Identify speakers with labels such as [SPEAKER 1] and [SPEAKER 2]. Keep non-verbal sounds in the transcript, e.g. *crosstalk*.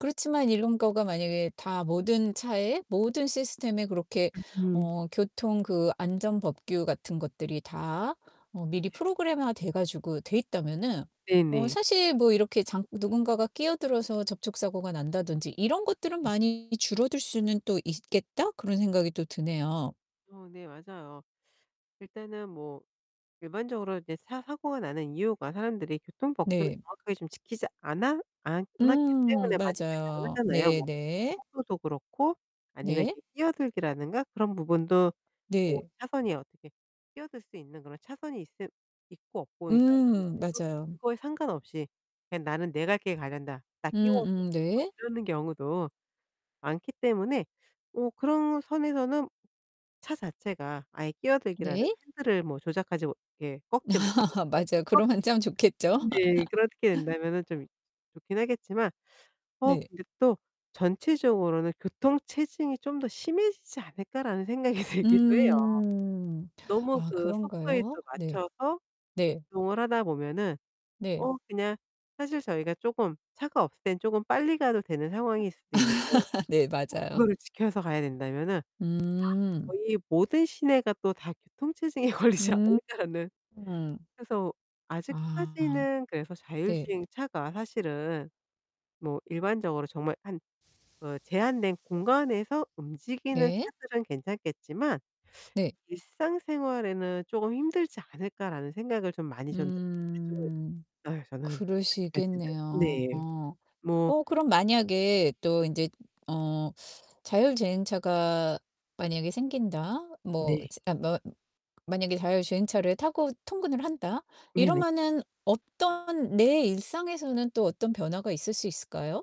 [SPEAKER 1] 그렇지만 이런 거가 만약에 다 모든 차에 모든 시스템에 그렇게
[SPEAKER 2] *unintelligible*
[SPEAKER 1] 어 교통 그 안전 법규 같은 것들이 다 어 미리
[SPEAKER 2] *unintelligible*
[SPEAKER 1] 프로그램화 돼 가지고 돼 있다면은 어
[SPEAKER 2] 네네.
[SPEAKER 1] 사실 뭐 이렇게 장 '누군가가 끼어들어서 접촉 사고가 난다든지 이런 것들은
[SPEAKER 2] 음.
[SPEAKER 1] 많이 줄어들 수는 또 있겠다?' 그런 생각이 또 드네요.
[SPEAKER 2] 어 네 맞아요. 일단은 뭐 일반적으로 이제 차 사고가 나는 이유가 사람들이 교통 법규를
[SPEAKER 1] 네.
[SPEAKER 2] 정확하게 좀 지키지 않아 않았기
[SPEAKER 1] 음
[SPEAKER 2] 때문에 많이 발생을
[SPEAKER 1] 맞아요.
[SPEAKER 2] 하잖아요. 뭐
[SPEAKER 1] 네네.
[SPEAKER 2] 속도도 그렇고 아니면
[SPEAKER 1] 네.
[SPEAKER 2] 이렇게 끼어들기라든가 그런 부분도 뭐
[SPEAKER 1] 네.
[SPEAKER 2] 차선이 어떻게 끼어들 수 있는 그런 차선이 있을 있고 없고가
[SPEAKER 1] 음
[SPEAKER 2] 있는데도
[SPEAKER 1] 맞아요.
[SPEAKER 2] 그거에 상관없이 "그냥 나는 내 갈 길 가련다. 나 끼워줘."
[SPEAKER 1] 음음 네.
[SPEAKER 2] 이러는 경우도 많기 때문에 어 그런 선에서는 차 자체가 아예 끼어들기라는
[SPEAKER 1] 네.
[SPEAKER 2] 핸들을 뭐 조작하지 못하게 꺾지 못하게
[SPEAKER 1] *laughs* 맞아요. 그러면
[SPEAKER 2] *unintelligible*
[SPEAKER 1] 짱 좋겠죠?
[SPEAKER 2] 네 그렇게
[SPEAKER 1] *laughs*
[SPEAKER 2] 된다면은 좀 이 좋긴 하겠지만 어
[SPEAKER 1] 네.
[SPEAKER 2] 근데 또 '전체적으로는 교통 체증이 좀 더 심해지지 않을까?'라는 생각이 들기도 해요.
[SPEAKER 1] 음.
[SPEAKER 2] 너무
[SPEAKER 1] 아
[SPEAKER 2] 그 속도에
[SPEAKER 1] 그런가요?
[SPEAKER 2] 또
[SPEAKER 1] 네.
[SPEAKER 2] 맞춰서
[SPEAKER 1] 네.
[SPEAKER 2] 이동을 하다 보면은
[SPEAKER 1] 네.
[SPEAKER 2] 어 그냥 사실 저희가 쪼금 차가 없을 땐 쪼금 빨리 가도 되는 상황일
[SPEAKER 1] *unintelligible*
[SPEAKER 2] 수도 있는데
[SPEAKER 1] *laughs* 네
[SPEAKER 2] 꼭
[SPEAKER 1] 맞아요.
[SPEAKER 2] 그거를 지켜서 가야 된다면은
[SPEAKER 1] 음.
[SPEAKER 2] 거의 모든 시내가 또 다 교통 체증에 걸리지
[SPEAKER 1] 음
[SPEAKER 2] 않을까라는
[SPEAKER 1] 음.
[SPEAKER 2] 그래서
[SPEAKER 1] 아
[SPEAKER 2] 아직까지는 그래서
[SPEAKER 1] 네.
[SPEAKER 2] 자율주행차가 사실은 뭐 일반적으로 정말 한 그 '제한된 공간에서 움직이는
[SPEAKER 1] 네.
[SPEAKER 2] 차들은 괜찮겠지만
[SPEAKER 1] 네.
[SPEAKER 2] 일상생활에는 쪼금 힘들지 않을까?'라는 생각을 좀 많이 전 가지고
[SPEAKER 1] 음.
[SPEAKER 2] 있어요 저는 아직까지는.
[SPEAKER 1] 그러시겠네요.
[SPEAKER 2] 네 뭐
[SPEAKER 1] 어 그럼 만약에 또 인제 어 자율주행차가 만약에 생긴다. 뭐
[SPEAKER 2] 네.
[SPEAKER 1] *unintelligible* 뭐 *unintelligible* 만약에 자율주행차를 타고 통근을 한다
[SPEAKER 2] 네네.
[SPEAKER 1] 이러면은 어떤 내 일상에서는 또 어떤 변화가 있을 수 있을까요?